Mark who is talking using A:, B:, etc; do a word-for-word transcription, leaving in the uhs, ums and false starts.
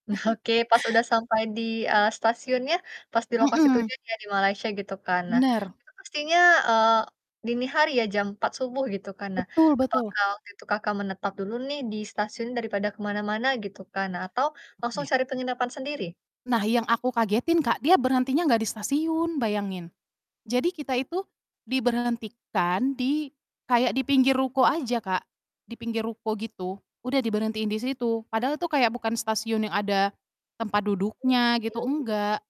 A: Nah, oke. Pas udah sampai di, eee, stasiunnya, pas di lokasi
B: Mhm.
A: tujuan ya di Malaysia gitu kan. Nah,
B: Bener.
A: itu pastinya, eee, dini hari ya, jam empat subuh, gitu kan. Nah,
B: Betul betul.
A: apakah waktu itu Kakak menetap dulu nih di stasiun daripada ke mana-mana gitu kan? Nah, atau langsung
B: Oke.
A: cari penginapan sendiri?
B: Nah, yang aku kagetin Kak, dia berhentinya nggak di stasiun, bayangin. Jadi, kita itu diberhentikan di kayak di pinggir ruko aja Kak, di pinggir ruko, gitu. Udah diberhentiin di situ, padahal itu kayak bukan stasiun yang ada tempat duduknya gitu,
A: Oke.
B: enggak.